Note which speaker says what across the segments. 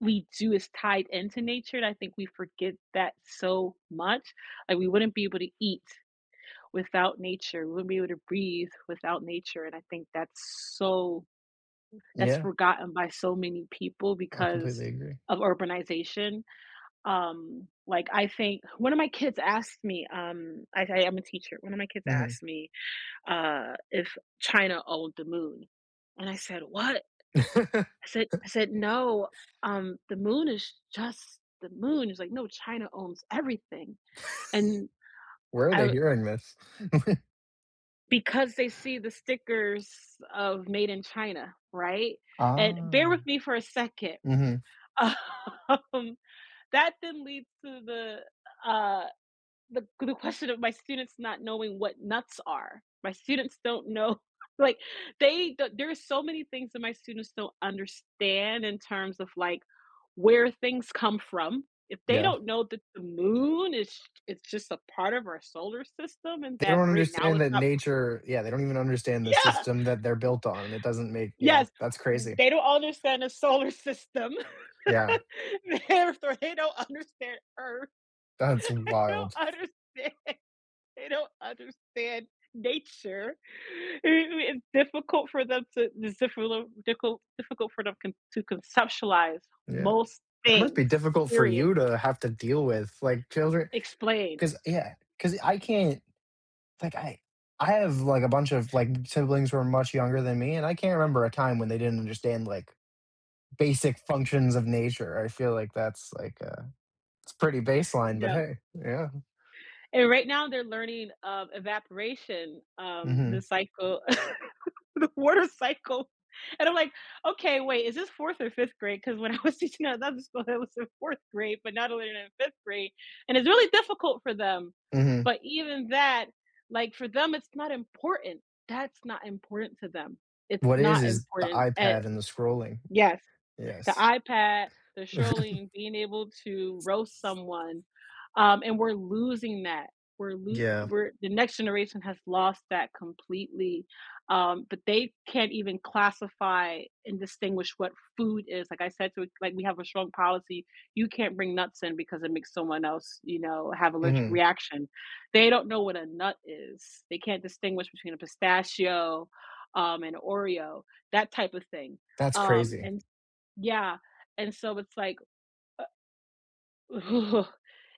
Speaker 1: We do, it's tied into nature and I think we forget that so much and we wouldn't be able to eat without nature, we wouldn't be able to breathe without nature and I think that's so that's
Speaker 2: Yeah.
Speaker 1: forgotten by so many people
Speaker 2: I
Speaker 1: because
Speaker 2: completely agree.
Speaker 1: of urbanization, um, like, I think 1 of my kids asked me, um I I am a teacher, 1 of my kids
Speaker 2: Mhm.
Speaker 1: asked me, uh, if China owned the moon, and I said, "What?" I said I said, "No, um, the moon is just the moon." He's like, "No, China owns everything," and
Speaker 2: Where are
Speaker 1: I
Speaker 2: they
Speaker 1: wa
Speaker 2: hearing this?
Speaker 1: Because they see the stickers of Made in China, right, and bear with
Speaker 2: Ah.
Speaker 1: me for a second,
Speaker 2: Mhm.
Speaker 1: um, that then leads to the, uh, the the question of my students not knowing what nuts are. My students don't know like, they th there's so many things that my students don't understand in terms of, like, where things come from, if they
Speaker 2: Yeah.
Speaker 1: don't know that the moon is it's just a part of our solar system and
Speaker 2: They
Speaker 1: that
Speaker 2: don't
Speaker 1: right now
Speaker 2: understand
Speaker 1: it's
Speaker 2: that
Speaker 1: not p
Speaker 2: nature yeah, they don't even understand the
Speaker 1: Yeah.
Speaker 2: system that they're built on, it doesn't make yeah,
Speaker 1: Yes,
Speaker 2: that's
Speaker 1: w
Speaker 2: crazy.
Speaker 1: they don't understand the solar system.
Speaker 2: Yeah.
Speaker 1: They're they're they don't understand Earth.
Speaker 2: That's
Speaker 1: They don't
Speaker 2: wild.
Speaker 1: understand they don't understand nature. Ooh, it's difficult for them to it's difficult dicul difficult for them con to conceptualize
Speaker 2: Yeah.
Speaker 1: most
Speaker 2: That must be
Speaker 1: things,
Speaker 2: difficult for
Speaker 1: period.
Speaker 2: you to have to deal with, like, children
Speaker 1: Explain.
Speaker 2: 'cause, yeah 'cause I can't like I I have, like, a bunch of, like, siblings who are much younger than me, and I can't remember a time when they didn't understand, like, basic functions of nature, I feel like that's, like, a it's pretty baseline, but
Speaker 1: No.
Speaker 2: hey, yeah.
Speaker 1: And right now they're learning of evaporation, um,
Speaker 2: Mhm.
Speaker 1: the cycle, the water cycle, and I'm like, "Okay, wait, is this 4th or 5th grade?" 'Cause when I was teaching at another school, it was the 4th grade, but [unintelligible] in 5th grade, and it's really difficult for them.
Speaker 2: Mhm.
Speaker 1: But even that like for them it's not important, that's not important to them. It's
Speaker 2: What it is
Speaker 1: not
Speaker 2: is the
Speaker 1: important a
Speaker 2: iPad and the scrolling.
Speaker 1: yes. The
Speaker 2: Yes.
Speaker 1: iPad, the scrolling, being able to roast someone, um, and we're losing that. We're lo
Speaker 2: Yeah.
Speaker 1: we're the next generation has lost that completely, um, but they can't even classify and distinguish what food is like I said to i like we have a strong policy, you can't bring nuts in because it makes someone else, you know, have allergic
Speaker 2: Mhm.
Speaker 1: reaction. They don't know what a nut is, they can't distinguish between a pistachio, um, an Oreo, that type of thing,
Speaker 2: That's
Speaker 1: um,
Speaker 2: crazy.
Speaker 1: and yeah, and so it's like, uh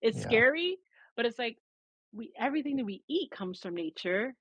Speaker 1: it's
Speaker 2: Yeah.
Speaker 1: scary, but it's, like, we everything that we eat comes from nature.